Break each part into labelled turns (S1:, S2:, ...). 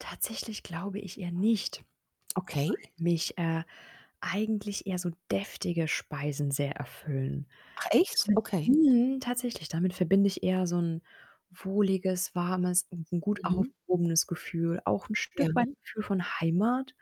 S1: Tatsächlich glaube ich eher nicht, weil
S2: Okay.
S1: mich, äh, eigentlich eher so deftige Speisen sehr erfüllen.
S2: Ach echt?
S1: Damit
S2: Okay.
S1: mhm, tatsächlich, damit verbinde ich eher so 'n wohliges, warmes und 'n gut
S2: Mhm.
S1: aufgehobenes Gefühl, auch 'n
S2: Ja.
S1: Stück weit Gefühl von Heimat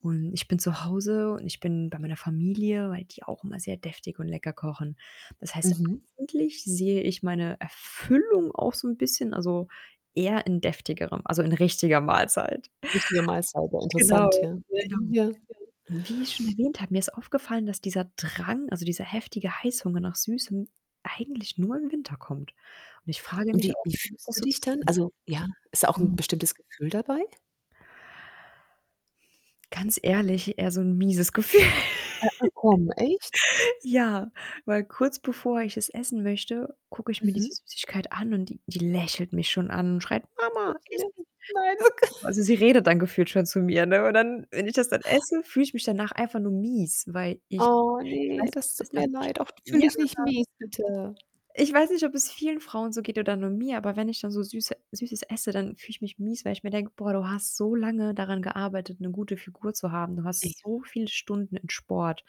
S1: und ich bin zu Hause und ich bin bei meiner Familie, weil die auch immer sehr deftig und lecker kochen. Das heißt,
S2: Mhm.
S1: eigentlich sehe ich meine Erfüllung auch so 'n bisschen also, eher in deftigerem, also, in richtiger Mahlzeit.
S2: Richtige Mahlzeiten,
S1: Genau,
S2: interessant, ja. Ja,
S1: genau.
S2: ja, ja.
S1: Wie ich schon erwähnt habe, mir ist aufgefallen, dass dieser Drang, also, dieser heftige Heißhunger nach Süßem eigentlich nur im Winter kommt und ich frage
S2: Und
S1: mich
S2: wie
S1: auch,
S2: wie
S1: womit
S2: fühlst
S1: das
S2: du
S1: so
S2: dich dann?
S1: zusammenhängt.
S2: Also, ja, ist da auch 'n
S1: Mhm.
S2: bestimmtes Gefühl dabei?
S1: Ganz ehrlich, eher so 'n mieses Gefühl.
S2: Ah, ach, komm, echt?
S1: Ja, weil kurz bevor ich es essen möchte, gucke ich mir diese
S2: Mhm.
S1: Süßigkeit an und die die lächelt mich schon an und schreit: „Mama, iss mich!“
S2: [unintelligible] Nein, oh,
S1: [unintelligible]
S2: Gott.
S1: Also, sie redet dann gefühlt schon zu mir, ne, und dann, wenn ich das dann esse, fühle ich mich danach einfach nur mies, weil ich
S2: Oh
S1: ich
S2: ne,
S1: weiß nicht,
S2: das
S1: ob es
S2: tut mir leid. Och d fühl
S1: [unintelligible]
S2: dich nicht
S1: ja.
S2: mies, bitte.
S1: Ich weiß nicht, ob es vielen Frauen so geht oder nur mir, aber wenn ich dann so Süße Süßes esse, dann fühle ich mich mies, weil ich mir denke: „Boah, du hast so lange daran gearbeitet, 'ne gute Figur zu haben. Du hast
S2: [unintelligible]
S1: so viele Stunden in Sport,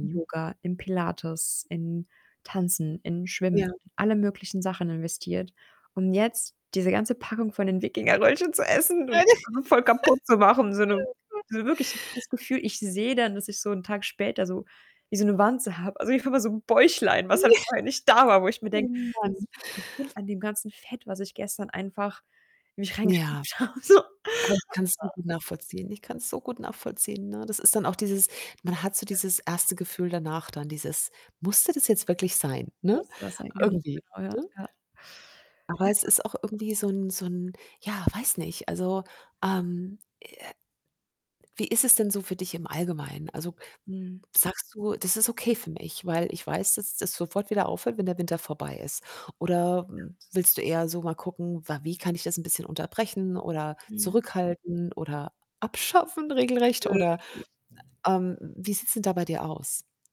S1: im Yoga, im Pilates, in Tanzen, in Schwimmen,
S2: Ja.
S1: in alle möglichen Sachen investiert und jetzt diese ganze Packung von den Wikingerröllchen zu
S2: [unintelligible]
S1: essen und das dann so voll kaputt zu machen“, so 'ne
S2: Oh, Gott.
S1: so wirklich ich habe das Gefühl, ich sehe dann, dass ich so 'n Tag später so wie so 'ne Wanze habe. Also, [unintelligible] so 'n Bäuchlein, was halt vorher nicht da war, wo ich mir
S2: Oh,
S1: denke,
S2: Mann.
S1: das liegt bestimmt an dem ganzen Fett, was ich gestern einfach in mich
S2: Ja,
S1: reingestopft habe so.
S2: aber ich kann's
S1: [unintelligible]
S2: [unintelligible] nachvollziehen. Ich kann's so gut nachvollziehen, ne? Das ist dann auch
S1: [unintelligible]
S2: dieses man hat so
S1: [unintelligible]
S2: dieses 1. Gefühl danach dann, dieses: „Musste das jetzt wirklich sein?“, ne?
S1: Musste das sein? Genau,
S2: Irgendwie
S1: genau, ja,
S2: ne?
S1: ja.
S2: Aber
S1: Ja.
S2: es ist auch irgendwie so 'n so 'n ja, weiß nicht. Also, ähm, äh wie ist es denn so für dich im Allgemeinen? Also,
S1: Mhm.
S2: sagst du: „Das ist okay für mich, weil ich weiß, dass das sofort wieder aufhört, wenn der Winter vorbei ist?“ Oder, hm, willst du eher so mal gucken, wa wie kann ich das 'n bisschen unterbrechen oder
S1: Mhm.
S2: zurückhalten oder abschaffen regelrecht oder, ähm wie sieht's denn da bei dir aus?